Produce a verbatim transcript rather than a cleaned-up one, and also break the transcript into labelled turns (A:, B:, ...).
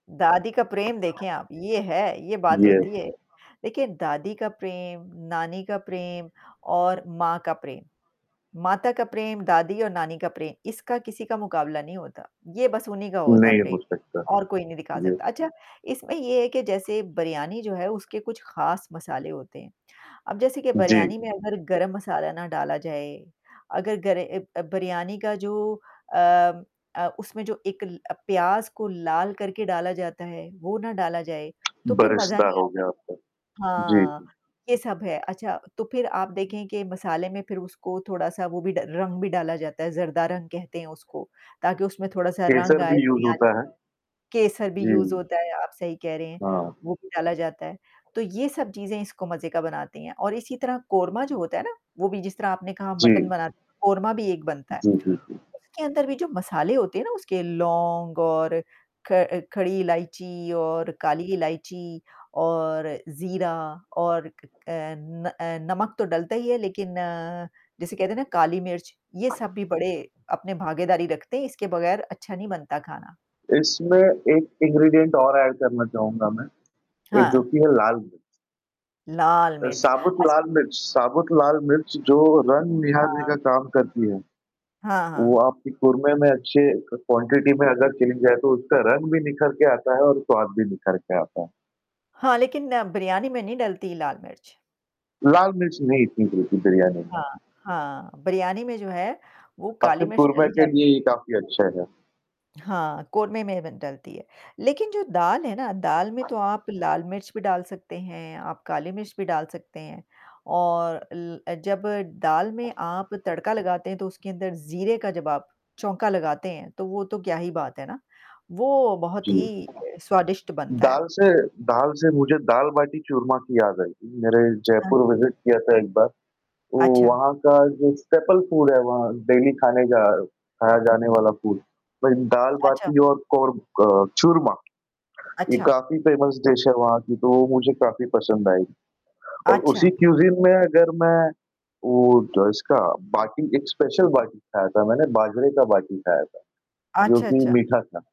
A: दादी का प्रेम देखें आप, ये है, ये बात
B: येस।
A: होती है। देखिए, दादी का प्रेम, नानी का प्रेम और माँ का प्रेम, माता का प्रेम, दादी और नानी का प्रे इसका किसी का मुकाबला नहीं होता। ये बस उन्हीं का होता है
B: नहीं
A: प्रे
B: हो सकता,
A: और कोई नहीं दिखा
B: ये।
A: सकता, अच्छा इसमें ये है कि जैसे बिरयानी जो है, उसके कुछ ख़ास मसाले होते हैं। अब जैसे कि
B: जी।
A: बिरयानी में अगर गरम मसाला ना डाला जाए, अगर गरे ए अ, बिरयानी का जो अम अ, उसमें जो एक प्याज़ को लाल करके डाला जाता है, वो ना डाला जाए तो फिर मज़ा
B: बरिस्ता
A: नहीं
B: हो
A: आता।
B: गया आपका। जी,
A: हाँ,
B: जी।
A: ये सब है, अच्छा तो फिर आप देखें कि मसाले में फिर उसको थोड़ा-सा वो भी ड रंग भी डाला जाता है, ज़रदा रंग कहते हैं उसको ताकि उसमें थोड़ा-सा रंग
B: केसर
A: आए
B: भी यूज़
A: बिरयानी
B: होता
A: में।
B: है।
A: केसर भी
B: जी,
A: यूज़
B: जी।
A: होता है आप सही कह रहे हैं
B: हाँ।
A: वो भी डाला जाता है। तो ये सब चीज़ें इसको मज़े का बनाते हैं और इसी तरह कोरमा जो होता है ना, वो भी जिस तरह आपने कहा मटन
B: जी।
A: बनाते हैं, कोरमा भी एक बनता है।
B: जी, जी, जी।
A: उसके अंदर भी जो मसाले होते हैं ना, उसके लॉन्ग और ख अ, खड़ी इलायची और काली इलायची और ज़ीरा और क क अ, न अ, नमक तो डलता ही है लेकिन जैसे कहते हैं ना अ, काली मिर्च ये सब भी बड़े अपने भागीदारी रखते हैं इसके बगैर अच्छा नहीं बनता खाना।
B: इसमें एक इंग्रीडिएंट और ऐड करना चाहूँगा मैं। ए जो
A: हाँ।
B: कि है लाल मिर्च।
A: लाल
B: अ,
A: मिर्च।
B: साबुत
A: अच्छ
B: लाल मिर्च साबुत लाल मिर्च जो रंग निहारने
A: हाँ।
B: का काम करती है।
A: हाँ,
B: वो
A: हाँ।
B: आपकी कोरमें में अच्छे क क्वांटिटी में अगर चेन जाए तो उसका रंग भी निखर के आता है और स्वाद भी निखर के आता है।
A: हाँ, लेकिन बिरयानी में नहीं डलती लाल मिर्च।
B: लाल मिर्च नहीं इतनी गिरती बिरियानी में।
A: हाँ, हाँ। बिरयानी में जो है वो
B: आपके
A: काली मिर्च
B: कोरमें
A: डाली
B: के
A: जाती
B: लिए ये काफ़ी अच्छा है।
A: हाँ, कोरमें में ब डलती है। लेकिन जो दाल है ना, दाल में तो आप लाल मिर्च भी डाल सकते हैं, आप काली मिर्च भी डाल सकते हैं। और ल अ, जब दाल में आप तड़का लगाते हैं, तो उसके अंदर ज़ीरे का जब आप चोंका लगाते हैं तो, वो तो क्या ही बात है ना, वो बहुत
B: जी।
A: ही अ, स्वादिष्ट बनता है।
B: दाल से, दाल से मुझे दाल बाटी चूरमा की याद आई कि मेरे
A: हाँ।
B: जयपुर विजिट किया था एक बार। तो
A: अच्छा।
B: वहाँ का जो स्टेपल फूड है, वहाँ डेली खाने का खाया जाने वाला फूड। मैं दाल
A: अच्छा।
B: बाटी और कोर क चूरमा। ये
A: अच्छा।
B: काफ़ी फ़ेमस डिश है वहाँ की तो मुझे काफ़ी पसंद आई और उसी
A: अच्छा।
B: क्यूज़ीन में अगर मैं वो तो इसका बाटी एक स्पेशल बाटी खाया था मैंने बाजरे का बाटी खाया था, जो
A: अच्छा,
B: कि
A: अच्छा।
B: मीठा था।